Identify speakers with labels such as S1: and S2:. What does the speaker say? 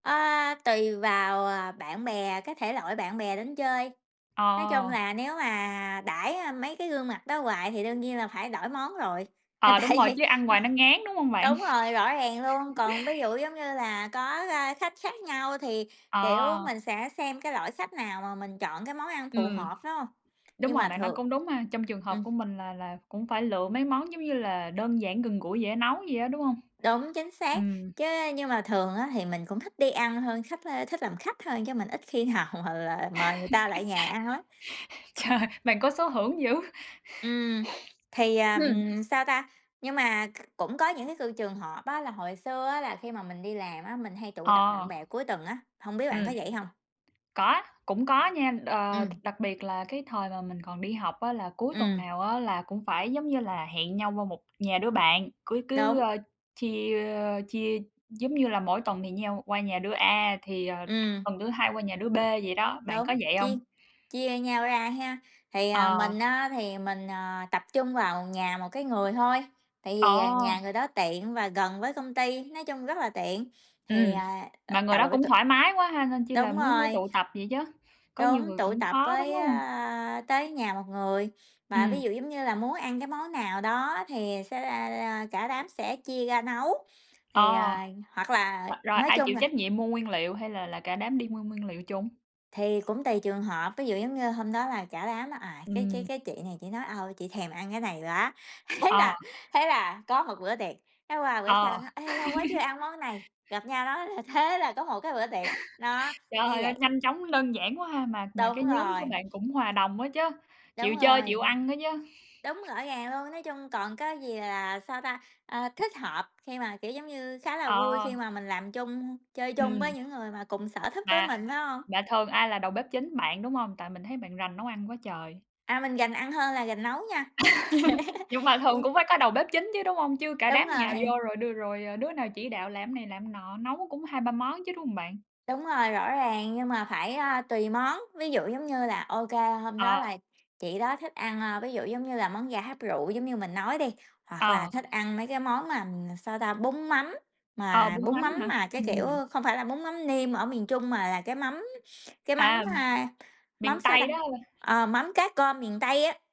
S1: Ơ, tùy vào, ờ, bạn bè, cái thể loại bạn bè đến chơi, nói chung
S2: Ờ.
S1: là nếu mà đãi, a, mấy cái gương mặt đó hoài thì đương nhiên là phải đổi món rồi, là
S2: Ờ, đúng
S1: tại
S2: rồi,
S1: vì,
S2: chứ ăn ngoài nó ngán, đúng hông
S1: ờ,
S2: bạn?
S1: đúng rồi, rõ ràng luôn, còn ví dụ giống như là có, a, khách khác nhau thì, kiểu,
S2: Ờ.
S1: mình sẽ xem cái loại khách nào mà mình chọn cái món ăn phù
S2: Ừm,
S1: hợp, phải hông?
S2: đúng
S1: Nhưng
S2: rồi,
S1: mà
S2: bạn nói
S1: thường
S2: cũng đúng mà, trong trường hợp
S1: ừm.
S2: của mình là là cũng phải lựa mấy món giống như là đơn giản gần gũi, dễ nấu vậy á, đúng hông?
S1: Đúng, chính xác,
S2: Ừm.
S1: chứ nhưng mà thường á thì mình cũng thích đi ăn hơn, khách, a, thích làm khách thôi, chứ mình ít khi nào mà là mời người ta lại nhà ăn lắm.
S2: Trời, bạn có số hưởng dữ.
S1: Ừm, thì, ờm, sao ta, nhưng mà kh cũng có những cái cừ trường hợp á là hồi xưa á là khi mà mình đi làm á, mình hay tụ tập bạn
S2: Ờ.
S1: bè cuối tuần á, hông biết bạn có
S2: Ừm,
S1: vậy hông?
S2: có, cũng có nha, ờ,
S1: Ừm.
S2: đặc biệt là cái thời mà mình còn đi học á, là cuối tuần
S1: Ừm.
S2: nào á là cũng phải, giống như là, hẹn nhau qua một nhà đứa bạn cứ cứ,
S1: Đúng.
S2: ờ, chia, ơ, chia, giống như là, mỗi tuần thì nhau qua nhà đưa A thì, ờ,
S1: Ừm.
S2: tuần thứ hai qua nhà đứa B vậy đó, bạn
S1: Đúng,
S2: có vậy
S1: chia
S2: hông?
S1: chia nhau ra hén, thì, à,
S2: Ờ.
S1: mình á thì mình, ờ, tập trung vào nhà một cái người thôi tại
S2: Ờ.
S1: vì, à, nhà người đó tiện và gần với công ty, nói chung rất là tiện, thì,
S2: Ừm,
S1: à, à,
S2: mà người đó
S1: tậu
S2: cũng
S1: tụ
S2: thoải mái quá ha, nên chi là
S1: Đúng
S2: mới mới
S1: rồi.
S2: tụ tập vậy chớ, có nhiều
S1: Đúng,
S2: người
S1: tụ
S2: cũng
S1: tập
S2: khó đúng
S1: với,
S2: lắm
S1: ơ,
S2: hông?
S1: tới nhà một người mà ví
S2: Ừm.
S1: dụ giống như là muốn ăn cái món nào đó thì sẽ ra ra cả đám sẽ chia ra nấu,
S2: Ờ,
S1: thì, ờ, hoặc là
S2: hoặc rồi
S1: nói
S2: ai
S1: chung
S2: chịu
S1: là
S2: trách nhiệm mua nguyên liệu? Hay là là cả đám đi mua nguyên liệu chung?
S1: Thì cũng tùy trường hợp, ví dụ giống như hôm đó là cả đám là, à, cái cái
S2: Ừm.
S1: cái chị này chỉ nói: "Ơ, chị thèm ăn cái này quá." thế
S2: Ờ.
S1: là thế là có một bữa tiệc, cái qua bữa sau
S2: Ờ.
S1: nó "Ê, lâu quá chưa ăn món này." gặp nhau nói th thế là có một cái bữa tiệc, đó,
S2: Trời
S1: như
S2: ơi
S1: vậy.
S2: nhanh chóng, đơn giản quá ha. Mà mà cái
S1: Đúng
S2: nhóm của
S1: rồi.
S2: bạn cũng hòa đồng á chớ,
S1: Đúng
S2: chịu chơi, chịu
S1: rồi.
S2: ăn đó chớ.
S1: Đúng, rõ ràng luôn, nói chung còn có gì là, sao ta, a, thích hợp khi mà, kiểu giống như, khá là vui
S2: Ờ.
S1: khi mà mình làm chung, chơi chung với
S2: Ừm.
S1: những người mà cùng sở thích với
S2: Mà
S1: mình phải hông?
S2: mà thường ai là đầu bếp chính? Bạn, đúng hông? Tại mình thấy bạn rành nấu ăn quá trời.
S1: À, mình rành ăn hơn là rành nấu nha.
S2: Nhưng mà thường
S1: Ừm.
S2: cũng phải có đầu bếp chính chứ, đúng hông? Chứ cả
S1: Đúng
S2: đám nhào
S1: rồi.
S2: vô rồi đưa rồi, ờ, đứa nào chỉ đạo làm này làm nọ? Nấu cũng 2, 3 món chứ, đúng hông bạn?
S1: Đúng rồi, rõ ràng, nhưng mà phải, a, tùy món, ví dụ giống như là ô kê, hôm đó
S2: Ờ.
S1: là chị đó thích ăn, a, ví dụ giống như là món gà hấp rượu giống như mình nói đi, hoặc là
S2: Ờ.
S1: thích ăn mấy cái món mà, sao ta, bún mắm,
S2: Ờ,
S1: mà
S2: bún
S1: bún
S2: mắm
S1: mắm
S2: hả?
S1: mà cái kiểu
S2: Ừm.
S1: không phải là bún mắm nêm ở miền Trung mà là cái mắm cái mắm,
S2: À,
S1: a, mắm,
S2: miền
S1: sao
S2: Tây
S1: ta,
S2: đó hả b
S1: ờ, mắm cá cơm miền Tây á.